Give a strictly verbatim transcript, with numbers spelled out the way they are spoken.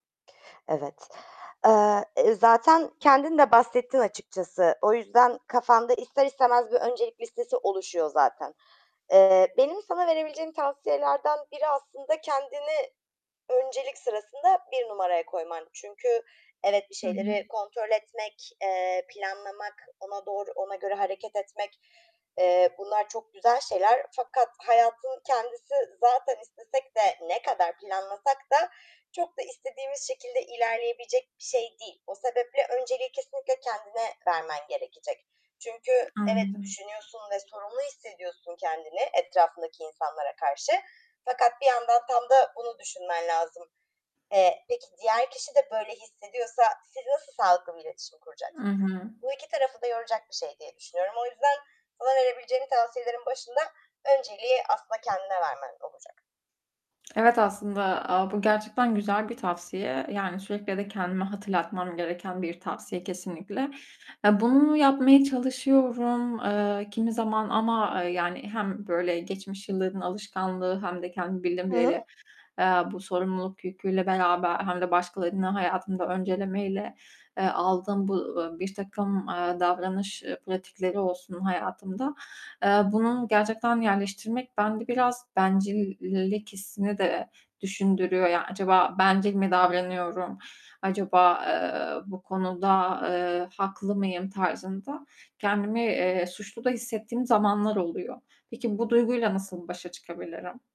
Evet, eee, eee, zaten kendin de bahsettin açıkçası. O yüzden kafanda ister istemez bir öncelik listesi oluşuyor, zaten. Eee, benim sana verebileceğim tavsiyelerden biri aslında kendini öncelik sırasında bir numaraya koyman. Çünkü, evet, bir Hı hı. şeyleri kontrol etmek, eee, planlamak, ona doğru, ona göre hareket etmek, eee, bunlar çok güzel şeyler. Fakat hayatın kendisi zaten istesek de, ne kadar planlasak da, çok da istediğimiz şekilde ilerleyebilecek bir şey değil. O sebeple önceliği kesinlikle kendine vermen gerekecek. Çünkü evet, Anladım. düşünüyorsun ve sorumlu hissediyorsun kendini etrafındaki insanlara karşı, fakat bir yandan tam da bunu düşünmen lazım. Eee, peki, diğer kişi de böyle hissediyorsa siz nasıl sağlıklı bir iletişim Hı kuracaksınız? hı. Bu iki tarafı da yoracak bir şey diye düşünüyorum. O yüzden sana verebileceğim tavsiyelerin başında önceliği aslında kendine vermen olacak. Evet, aslında a, bu gerçekten güzel bir tavsiye, yani, sürekli de kendime hatırlatmam gereken bir tavsiye kesinlikle. Eee, bunu yapmaya çalışıyorum, eee, kimi zaman ama, eee, yani, hem böyle geçmiş yılların alışkanlığı hem de kendimi bildim Hı hı. bileli, eee, bu sorumluluk yüküyle beraber, hem de başkalarını hayatımda öncelemeyle, eee, aldığım bu, ııı, birtakım, eee, davranış, eee, pratikleri olsun hayatımda, eee, bunun gerçekten yerleştirmek bende biraz bencillilik hissini de düşündürüyor, yani, acaba bencil mi davranıyorum, acaba, eee, bu konuda, eee, haklı mıyım tarzında kendimi, eee, suçlu da hissettiğim zamanlar oluyor. Peki, bu duyguyla nasıl başa çıkabilirim?